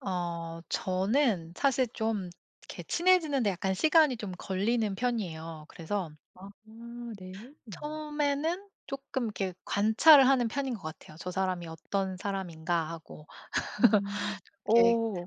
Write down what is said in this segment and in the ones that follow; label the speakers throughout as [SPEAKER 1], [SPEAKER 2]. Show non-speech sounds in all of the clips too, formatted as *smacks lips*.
[SPEAKER 1] 어 저는 사실 좀 이렇게 친해지는데 약간 시간이 좀 걸리는 편이에요. 그래서
[SPEAKER 2] 아 네.
[SPEAKER 1] 처음에는 쪼끔 이렇게 관찰을 하는 편인 것 같아요. 저 사람이 '어떤 사람인가?'하고
[SPEAKER 2] 음
[SPEAKER 1] *laughs* 이렇게
[SPEAKER 2] 어.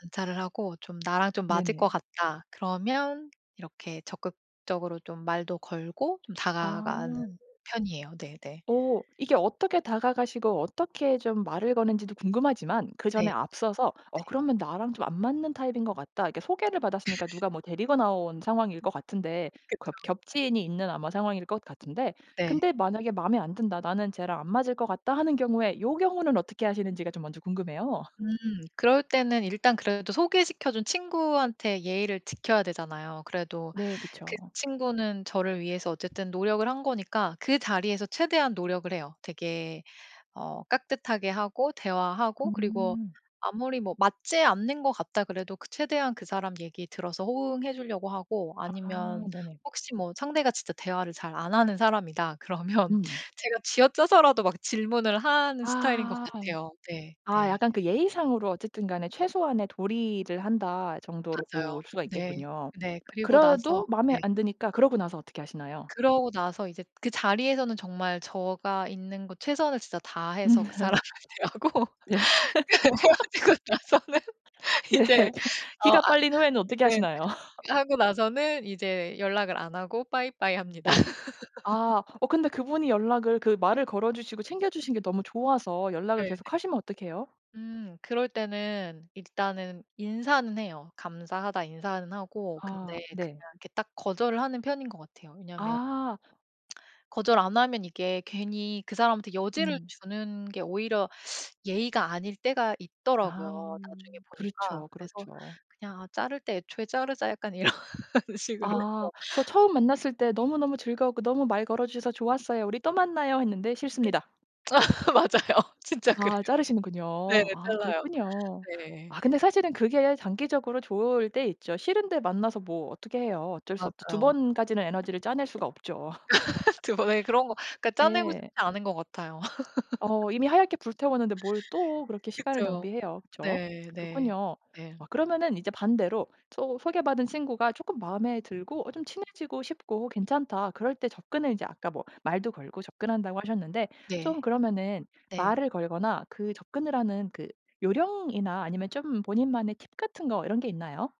[SPEAKER 1] 관찰을 하고 좀 '나랑 좀 맞을
[SPEAKER 2] 네네.
[SPEAKER 1] 것 같다.' 그러면 이렇게 적극적으로 좀 말도 걸고 좀 다가가는
[SPEAKER 2] 아.
[SPEAKER 1] 편이에요. 네네.
[SPEAKER 2] 어 이게 어떻게 다가가시고 어떻게 좀 말을 거는 지도 궁금하지만
[SPEAKER 1] 네.
[SPEAKER 2] 그전에 앞서서 어
[SPEAKER 1] 네.
[SPEAKER 2] 그러면 '나랑 좀 안 맞는 타입인 것 같다.' 이렇게 소개를 받았으니까 누가 뭐 데리고 나온 상황일 것 같은데 그렇
[SPEAKER 1] 그쵸.
[SPEAKER 2] 겹지인이 있는 아마 상황일 것 같은데
[SPEAKER 1] 네.
[SPEAKER 2] 근데 만약에 '마음에 안 든다. 나는 쟤랑 안 맞을 것 같다.'하는 경우에 요 경우는 어떻게 하시는지가 좀 먼저 궁금해요.
[SPEAKER 1] 음 그럴 때는 일단 그래도 소개시켜 준 친구한테 예의를 지켜야 되잖아요. 그래도
[SPEAKER 2] 네.
[SPEAKER 1] 그
[SPEAKER 2] 그쵸.
[SPEAKER 1] 친구는 저를 위해서 어쨌든 노력을 한 거니까 그 자리에서 최대한 노력을 해요. 되게 어 깍듯하게 하고 대화하고 그리고
[SPEAKER 2] 음.
[SPEAKER 1] 아무리 뭐 맞지 않는 것 같다 그래도 그 최대한 그 사람 얘기 들어서 호응해 주려고 하고
[SPEAKER 2] 아
[SPEAKER 1] 아니면
[SPEAKER 2] 네네.
[SPEAKER 1] 혹시 뭐 상대가 진짜 대화를 잘 안 하는 사람이다 그러면
[SPEAKER 2] 음.
[SPEAKER 1] 제가 쥐어짜서라도 막 질문을 하는 스타일인 것
[SPEAKER 2] 아.
[SPEAKER 1] 같아요. 네.
[SPEAKER 2] 아
[SPEAKER 1] 네.
[SPEAKER 2] 약간 그 예의상으로 어쨌든 간에 '최소한의 도리를 한다.' 정도로 볼
[SPEAKER 1] 맞아요.
[SPEAKER 2] 수가
[SPEAKER 1] 네.
[SPEAKER 2] 있겠군요.
[SPEAKER 1] 네. 그리고 나서
[SPEAKER 2] 그래도 마음에
[SPEAKER 1] 네.
[SPEAKER 2] 안 드니까 그러고 나서 어떻게 하시나요?
[SPEAKER 1] 그러고 나서 이제 그 자리에서는 정말 제가 있는 곳 최선을 진짜 다해서 그 사람을
[SPEAKER 2] *laughs*
[SPEAKER 1] 대하고
[SPEAKER 2] 네. *laughs*
[SPEAKER 1] 헤어지고 나서는
[SPEAKER 2] 네.
[SPEAKER 1] 이제 어
[SPEAKER 2] 기가
[SPEAKER 1] 아
[SPEAKER 2] 빨린 후에는 어떻게
[SPEAKER 1] 네.
[SPEAKER 2] 하시나요? *laughs*
[SPEAKER 1] 하고 나서는 이제 연락을 안 하고 bye bye 합니다.
[SPEAKER 2] 네.
[SPEAKER 1] *laughs*
[SPEAKER 2] 아. 어 근데 그분이 연락을 그
[SPEAKER 1] *laughs*
[SPEAKER 2] 말을 걸어 주시고 챙겨주신 게 너무 좋아서 연락을
[SPEAKER 1] 네네.
[SPEAKER 2] 계속하시면 어떡해요?
[SPEAKER 1] 음 그럴 때는 일단은 인사는 해요. "감사하다." 인사는 하고
[SPEAKER 2] 아
[SPEAKER 1] 근데
[SPEAKER 2] 네.
[SPEAKER 1] 그냥 이렇게 딱 거절을 하는 편인 것 같아요. 왜냐하면
[SPEAKER 2] 아.
[SPEAKER 1] *smacks lips* 거절 안 하면 이게 괜히 그 사람한테 여지를
[SPEAKER 2] 음.
[SPEAKER 1] 주는 게 오히려 예의가 아닐 때가
[SPEAKER 2] 아.
[SPEAKER 1] 있더라고요, 나중에 보니까.
[SPEAKER 2] 그렇죠,
[SPEAKER 1] 그래서
[SPEAKER 2] 그렇죠.
[SPEAKER 1] '그냥 아 자를 때 애초에 자르자.' 약간 이런 식으로
[SPEAKER 2] 아.
[SPEAKER 1] 해서.
[SPEAKER 2] 그래서 처음 만났을 때 "너무너무 즐거웠고 너무 말 걸어 주셔서 좋았어요. 우리 또 만나요." 했는데
[SPEAKER 1] 네.
[SPEAKER 2] "싫습니다."
[SPEAKER 1] *laughs* 맞아요. 진짜 그래요.
[SPEAKER 2] 아 자르시는군요.
[SPEAKER 1] 네네.
[SPEAKER 2] 아
[SPEAKER 1] 잘라요.
[SPEAKER 2] 그렇군요.
[SPEAKER 1] 네.
[SPEAKER 2] 아 근데 사실은 그게 장기적으로 좋을 때 있죠. 싫은데 만나서 뭐 어떻게 해요? 어쩔 수 없죠. 2
[SPEAKER 1] 맞아요.
[SPEAKER 2] 번까지는 에너지를 짜낼 수가 없죠.
[SPEAKER 1] *laughs* 2 번에 그런 거 그니까 짜내고 싶지
[SPEAKER 2] 네.
[SPEAKER 1] 않은 것 같아요. *laughs*
[SPEAKER 2] 어 이미 하얗게 불태웠는데 뭘 또 그렇게 시간을
[SPEAKER 1] 그쵸.
[SPEAKER 2] 낭비해요. 그쵸?
[SPEAKER 1] 네네.
[SPEAKER 2] 그렇군요.
[SPEAKER 1] 네.
[SPEAKER 2] 아 그러면은 이제 반대로 소 소개받은 친구가 쪼끔 마음에 들고 어 좀 친해지고 싶고 괜찮다 그럴 때 접근을 인제 아까 뭐 말도 걸고 접근한다고 하셨는데 좀
[SPEAKER 1] 네.
[SPEAKER 2] 그러면은
[SPEAKER 1] 네.
[SPEAKER 2] 말을 걸거나 그 접근을 하는 그 요령이나 아니면 좀 본인만의 팁 같은 거 이런 게 있나요?